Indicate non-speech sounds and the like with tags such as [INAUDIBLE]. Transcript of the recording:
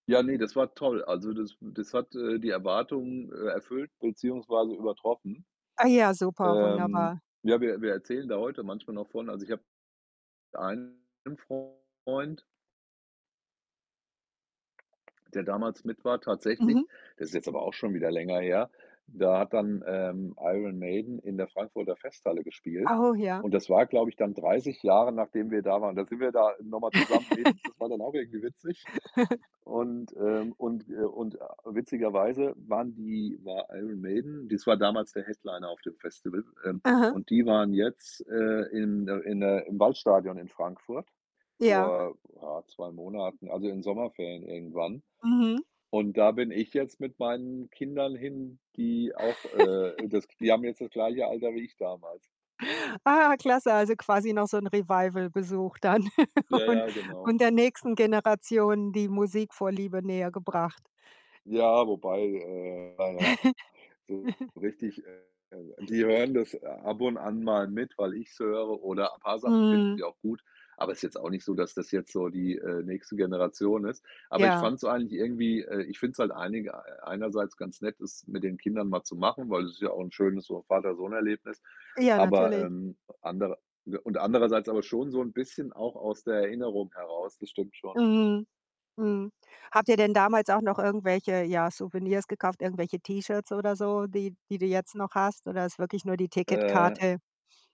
Ja, ne, das war toll. Also, das, äh das hat, äh, die Erwartungen, äh, erfüllt beziehungsweise übertroffen. Ah ja, super, Ähm, wunderbar. ja, wir wir erzählen da heute manchmal noch von. Also, ich habe einen Freund der damals mit war Mhm. tatsächlich, das ist jetzt aber auch schon wieder länger her. Da hat dann, ähm, Iron Maiden in der Frankfurter Festhalle gespielt Oh, ja. und das war, glaube ich, dann 30 Jahre, nachdem wir da waren. Da sind wir da, äh, noch mal zusammen hin. Das [LAUGHS] war dann auch irgendwie witzig [CHUCKLES] und, ähm und wir und, äh, witzigerweise waren die war Iron Maiden das war damals der Headliner auf dem Festival, ähm, Aha. und die waren jetzt, äh, in der in der im Waldstadion in Frankfurt Ja. vor, ja, 2 Monaten, also, in den Sommerferien irgendwann Mhm. und da bin ich jetzt mit meinen Kindern hin, die auch, äh, das [CHUCKLES] die haben jetzt das gleiche Alter wie ich damals. Ah, klasse, also, quasi noch so 'n Revival-Besuch dann [CHUCKLES] Ja, und ja, genau. und der nächsten Generation die Musikvorliebe nähergebracht. Ja, wobei, äh, na ja, so [CHUCKLES] richtig äh, die hören das, äh, ab und an mal mit, weil ich's höre oder paar Sachen finden Mhm. sie auch gut, aber ist jetzt auch nicht so, dass das jetzt so die, äh, nächste Generation ist. Aber ich Ja. fand's eigentlich irgendwie, äh ich finde es halt einiger einerseits ganz nett, es mit den Kindern mal zu machen, weil es ist ja auch 'n schönes so Vater-Sohn-Erlebnis, Ja, aber, natürlich. ähm, anderer und und andererseits aber schon so 'n bisschen auch aus der Erinnerung heraus. Das stimmt schon. Mhm, mhm. Habt ihr denn damals auch noch irgendwelche, ja, Souvenirs gekauft, irgendwelche T-Shirts oder so, die die du jetzt noch hast, oder ist wirklich nur die Äh Ticketkarte